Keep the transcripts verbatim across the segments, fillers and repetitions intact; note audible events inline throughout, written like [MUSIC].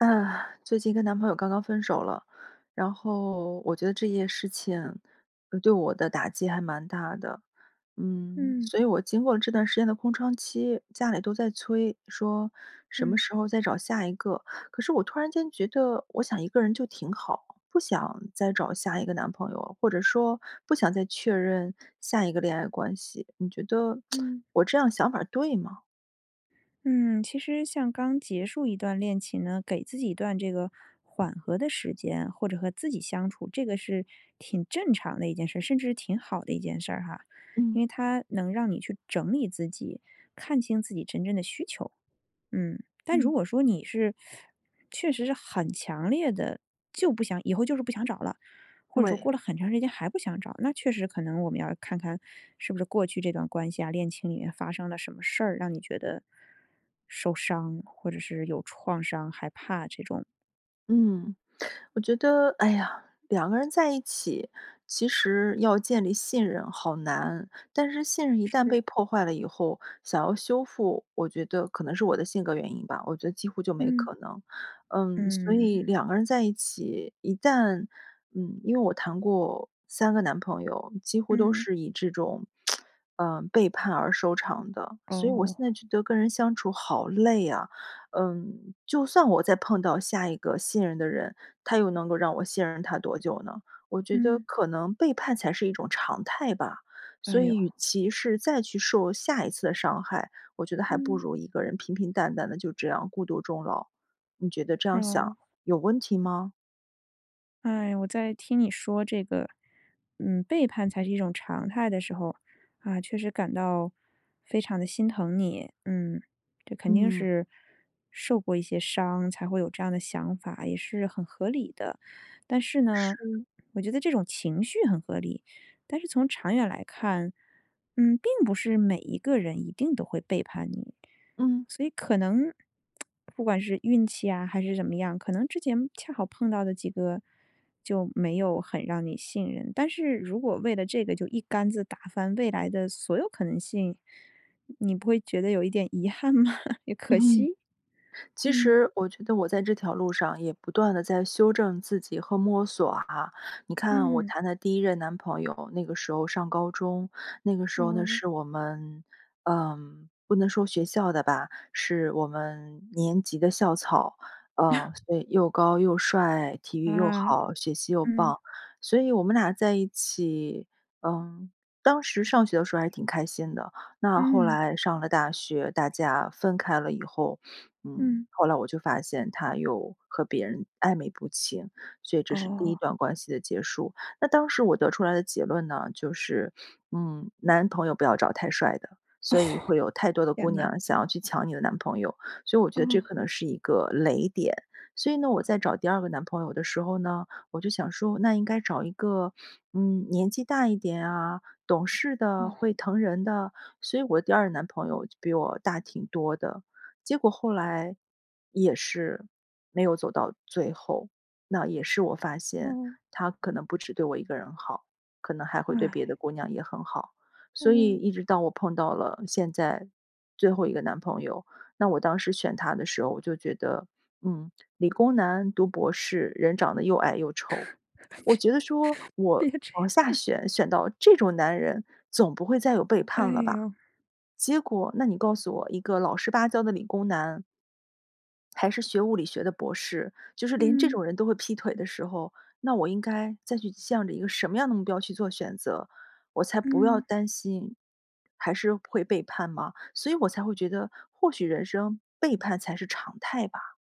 [SIGHS] 最近跟男朋友刚刚分手了，然后我觉得这件事情对我的打击还蛮大的。嗯，嗯。所以我经过这段时间的空窗期，家里都在催，说：“什么嗯。时候再找下一个？”可是我突然间觉得我想一个人就挺好，不想再找下一个男朋友，或者说不想再确认下一个恋爱关系。你觉得嗯。[SMACKS LIPS] 我这样想法对吗？嗯，其实像刚结束一段恋情呢，给自己一段这个缓和的时间，或者和自己相处，这个是挺正常的一件事，甚至是挺好的一件事儿哈。嗯。因为它能让你去整理自己，看清自己真正的需求。嗯，但如嗯。果说你是 [SUCKS TEETH] 确实是很强烈的，就不想以后就是不想找啦，或者说对。过了很长时间还不想找，那确实可能我们要看看，是不是过去这段关系啊，恋情里面发生了什么事儿，让你觉得受伤，或者是有创伤害怕这种。嗯，我觉得，哎呀，两个人在一起，其实要建立信任好难，但是信任一旦是。被破坏了以后，想要修复，我觉得可能是我的性格原因吧，我觉得几乎就没嗯。可能。嗯，所嗯。以两个人在一起，一旦嗯，因为我谈过三个男朋友，几乎都嗯。是以这种，[SMACKS LIPS] 呃，背叛而收场的，所以我现在哦。觉得跟人相处好累啊。呃，就算我再碰到下一个信任的人，他又能够让我信任他多久呢？我觉得嗯。可能背叛才是一种常态吧。所哎呦。以与其是再去受下一次伤害，我觉得还不嗯。如一个人平平淡淡地，就这样孤独终老。你觉得这样想哦。有问题吗？唉，我在听你说这个，嗯，背叛才是一种常态的时候，啊，确实感到非常地心疼你。嗯，这肯定嗯。是受过一些伤，才会有这样的想法，也是很合理的。但是呢，是。我觉得这种情绪很合理，但是从长远来看，嗯，并不是每一个人一定都会背叛你。嗯。所以可能，[SMACKS LIPS] 不管是运气啊，还是怎么样，可能之前恰好碰到的几个，就没有很让你信任，但是如果为了这个，就一竿子打翻未来的所有可能性。你不会觉得有一点遗憾吗？[LAUGHS] 也可 [CHUCKLES] 惜？其嗯。实我觉得，我在这条路上也不断地在修正自己和摸索啊。你看我嗯。谈的第一任男朋友，那个时候上高中，那个时候呢，嗯。是我们，呃，不能说学校的吧，是我们年级的校草。呃，[CHUCKLES] 对，又高又帅、体育又啊。好、学习又嗯。棒，所以我们俩在一起，嗯，当时上学的时候还挺开心的。那后嗯。来上了大学，大家分开了以后，[INHALES] 嗯，嗯。后来我就发现，他又和别人暧昧不清，所以这是第一哦。段关系的结束。那当时我得出来的结论呢，就是，[INHALES] 嗯，男朋友不要找太帅的，所以会有太多的 [LAUGHS] 天姑呐。娘想要去抢你的男朋友，所以我觉得这可哦。能是一个雷点。所以呢，我在找第二个男朋友的时候呢，我就想说，那应该找一个，[INHALES] 嗯，年纪大一点啊，懂事的，哦。会疼人的。所以我的第二个男朋友比我大挺多的，结果后来也是没有走到最后。那也是我发现，嗯。他可能不只对我一个人好，可能还会对别的唉。姑娘也很好。所以嗯。一直到我碰到了现在最后一个男朋友，那我当时选他的时候，我就觉得，嗯，理工男、读博士、人长得又矮又丑，我觉得说，[LAUGHS] 别别我这往下样。选选到这种男人，总不会再有背哎叛了吧。哟。结果，那你告诉我一个老实巴交的理工男还是学物理学的博士，就是连这种嗯。人都会劈腿的时候，那我应该再去向着一个什么样的目标去做选择，我才不要担心还是会背叛嘛，所以我才会觉得，或许人生背叛才是常态吧。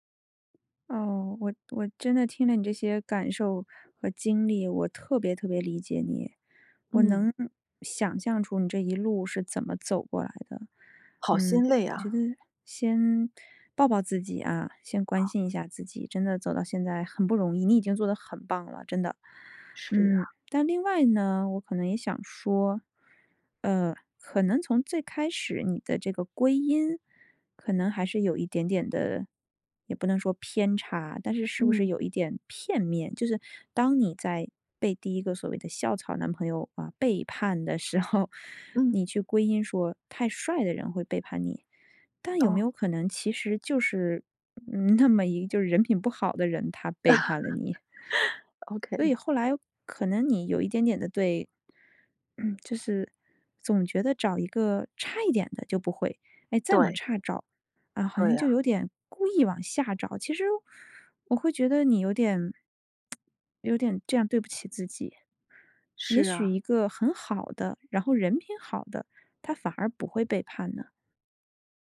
哦，我我真的听了你这些感受和经历，我特别特别理解你，我嗯。能想象出你这一路是怎么走过来的，好心嗯，累我觉啊。得先抱抱自己啊，先关哦。心一下自己，真的走到现在很不容易，你已经做得很棒了，真的。是啊。嗯，但另外呢，我可能也想说，呃，可能从最开始你的这个归因可能还是有一点点地也不能说偏差，但是是不是嗯。有一点片面？就是当你在被第一个所谓的校草男朋友，呃，背叛的时候，[INHALES] 嗯。你去归因说太帅的人会背叛你，但有没哦。有可能其实就是，嗯，那么一个，就是人品不好的人，他背叛了你？[CHUCKLES] 所以 Ok。后来可能你有一点点地对 [CLEARS THROAT] 就是总觉得找一个差一点的就不会，诶，再往对。差找，啊，好像对就啊。有点故意往下找，其实我会觉得你有点 [TSK] 有点这样对不起自己。是也许啊。一个很好的，然后人品好的，他反而不会背叛呢？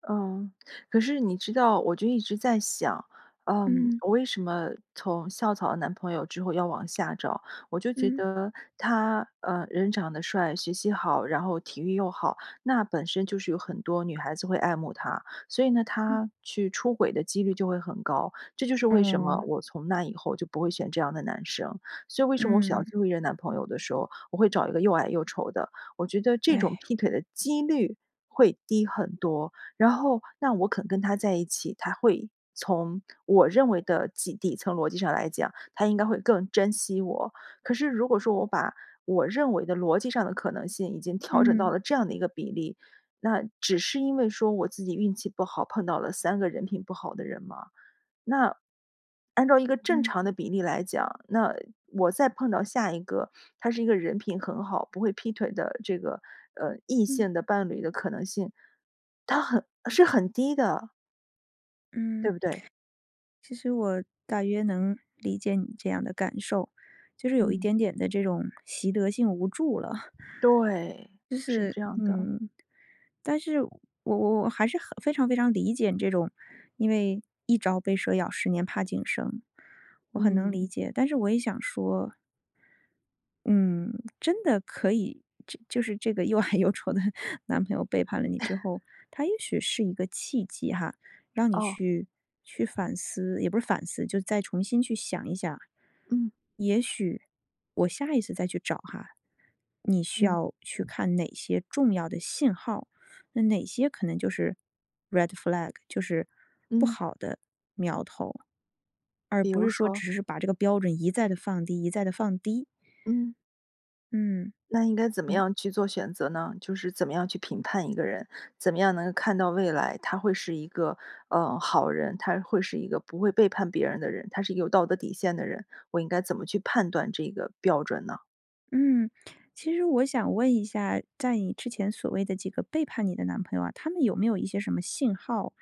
嗯，可是你知道，我就一直在想，呃，嗯。我为什么从校草男朋友之后要往下找。我就觉嗯。得，他，呃，人长得帅、学习好、然后体育又好，那本身就是有很多女孩子会爱慕他。所以呢嗯。他去出轨的几率就会很高，这就是为什么嗯。我从那以后就不会选这样的男生。所以为什么我选到嗯。最后一任男朋友的时候，我会找一个又矮又丑的，我觉得这种唉。劈腿的几率会低很多。然后那我肯跟他在一起，他会从，我认为的几底层逻辑上来讲，他应该会更珍惜我。可是如果说我把我认为的逻辑上的可能性已经调整到嗯。了这样的一个比例，那只是因为说我自己运气不好，碰到了三个人品不好的人吗？那，按照一个正嗯。常的比例来讲，那，我再碰到下一个，他是一个人品很好，不会劈腿的这个，呃，异嗯。性的伴侣的可能性，他很是很低的。对嗯。不对？其实我大约能理解你这样的感受，就是有一嗯。点点地这种习得性无助了。对，就是是这样的。嗯，但是我我还是很非常非常理解这种，因为一朝被蛇咬十年怕井绳。我很能理嗯。解，但是我也想说嗯，真的可以，就是这个又矮又丑的 [CHUCKLES] 男朋友背叛了你之 [CHUCKLES] 后，它也许是一个契机哈，让你哦。去去反思，也不是反思，就再重新去想一想。嗯。也许我下一次再去找哈，你需嗯。要去看哪些重要的信号，那哪些可能就是 red flag，就是不嗯。好的苗头。而比不如是说说？只是把这个标准一再地放低一再地放低。嗯。嗯，那应该怎么嗯。样去做选择呢？就是怎么样去评判一个人，怎么样能看到未来，他会是一个，呃，好人，他会是一个不会背叛别人的人，他是有道德底线的人，我应该怎么去判断这个标准呢？嗯，其实我想问一下，在你之前所谓的几个背叛你的男朋友啊，他们有没有一些什么信号？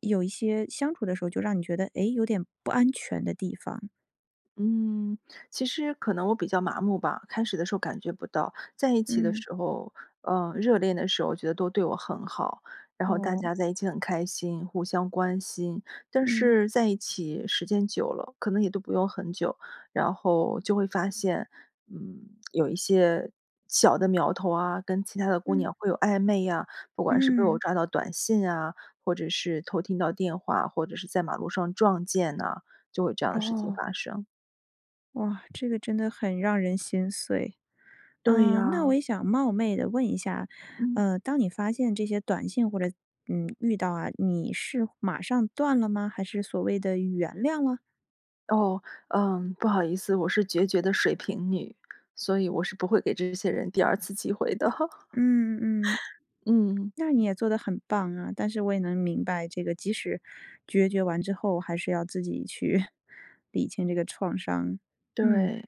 有一些相处的时候就让你觉得，诶，有点不安全的地方。嗯，其实可能我比较麻木吧，开始的时候感觉不到，在一起的嗯。时候呃，热恋的时候觉得都对我很好，然后大哦。家在一起很开心，互相关心。但嗯。是在一起时间久了，可能也都不用很久，然后就会发现，嗯，[SMACKS LIPS] 有一些小的苗头啊，跟其他的姑嗯。娘会有暧昧呀。不管是被我嗯。抓到短信啊，或者是偷听到电话，或者是在马路上撞见呐，就有这样的事情哦。发生。哇，这个真的很让人心碎。对嗯，那呀。我也想冒昧地问一下，嗯。呃，当你发现这些短信或者嗯，遇到啊，你是马上断了吗，还是所谓的原谅了？哦，嗯，不好意思，我是决绝的水瓶女，所以我是不会给这些人第二次机会的。嗯嗯。[LAUGHS] 嗯。那你也做得很棒啊，但是我也能明白这个即使决绝完之后，还是要自己去 [CHUCKLES] 理清这个创伤。嗯。对，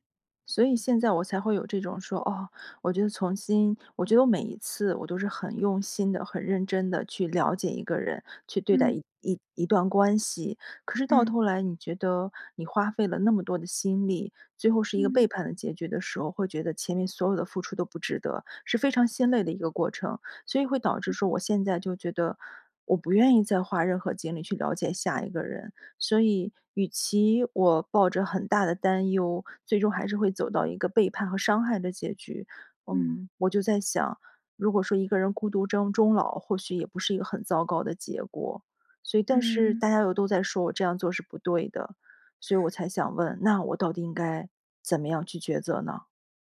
所以现在我才会有这种说，哦，我觉得从新我觉得我每一次，我都是很用心地、很认真地去了解一个人，去对待嗯。一一一段关系。可是到嗯。头来你觉得，你花费了那么多的心力，最后是一个背嗯。叛的结局的时候，会觉得前面所有的付出都不值得，是非常心累的一个过程，所以会导致说我现在就觉得，我不愿意再花任何精力去了解下一个人。所以与其我抱着很大的担忧，最终还是会走到一个背叛和伤害的结局。嗯。嗯，我就在想，如果说一个人孤独征终老或许也不是一个很糟糕的结果，所以但是嗯。大家又都在说我这样做是不对的，所以我才想问，那我到底应该怎么样去抉择呢？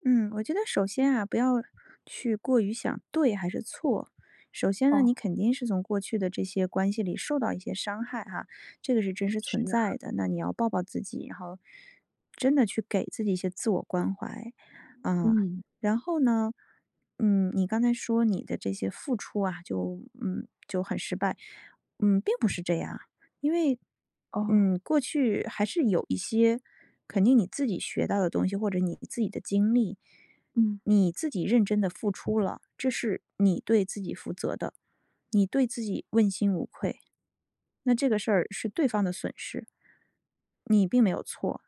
嗯，我觉得首先啊，不要去过于想对还是错。首先呢哦。你肯定是从过去的这些关系里受到一些伤害哈，这个是真实是存啊。在的，那你要抱抱自己然后，真的去给自己一些自我关怀。呃，嗯。然后呢，嗯，你刚才说你的这些付出啊就嗯，就很失败，嗯，并不是这样，因为，哦。嗯，过去还是有一些肯定你自己学到的东西，或者你自己的经历，嗯。你自己认真地付出了，这是你对自己负责的，你对自己问心无愧。那这个事儿，是对方的损失。你并没有错。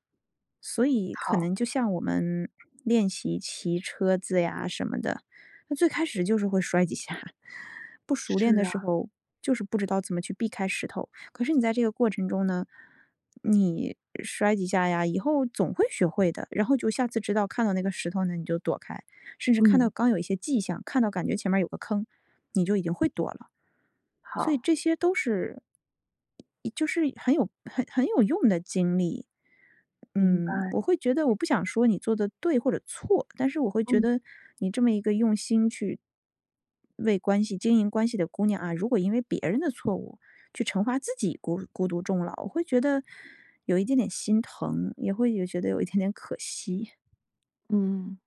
所以可好。能就像我们练习骑车子呀什么的，那最开始就是会摔几下儿，[CHUCKLES] 不熟是练的时啊。候，就是不知道怎么去避开石头。可是你在这个过程中呢，你摔几下呀，以后总会学会的，然后就下次知道看到那个石头呢，你就躲开，甚至看到嗯。刚有一些迹象，看到感觉前面有个坑，你就已经会躲了。所以好。这些都是就是很有很很有用的经历。明嗯，白。我会觉得我不想说你做得对或者错，但是我会觉嗯。得你这么一个用心去为关系经营关系的姑娘啊，如果因为别人的错误，去惩罚自己孤孤独终老，我会觉得，有一点点心疼，也会有觉得有一点点可惜。嗯。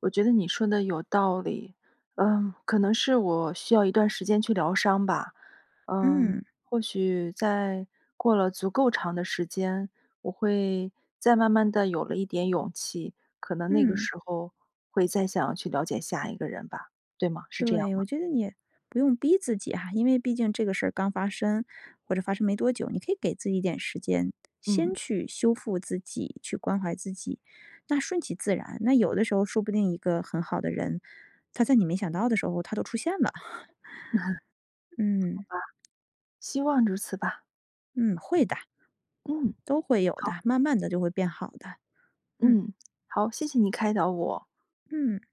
我觉得你说得有道理，呃，可能是我需要一段时间去疗伤吧。嗯，嗯。或许在，过了足够长的时间，我会，再慢慢地有了一点勇气，可能那个嗯。时候，会再想去了解下一个人吧，对吗？是这样对，吗？我觉得你不用逼自己哈，因为毕竟这个事儿刚发生或者发生没多久，你可以给自己一点时间，先嗯。去修复自己，去关怀自己。那顺其自然，那有的时候说不定一个很好的人，他在你没想到的时候他都出现了，[CHUCKLES] [CHUCKLES] 嗯。好吧，希望如此吧。嗯，会的嗯，都会有好。的，慢慢地就会变好的，嗯。嗯，好，谢谢你开导我。嗯。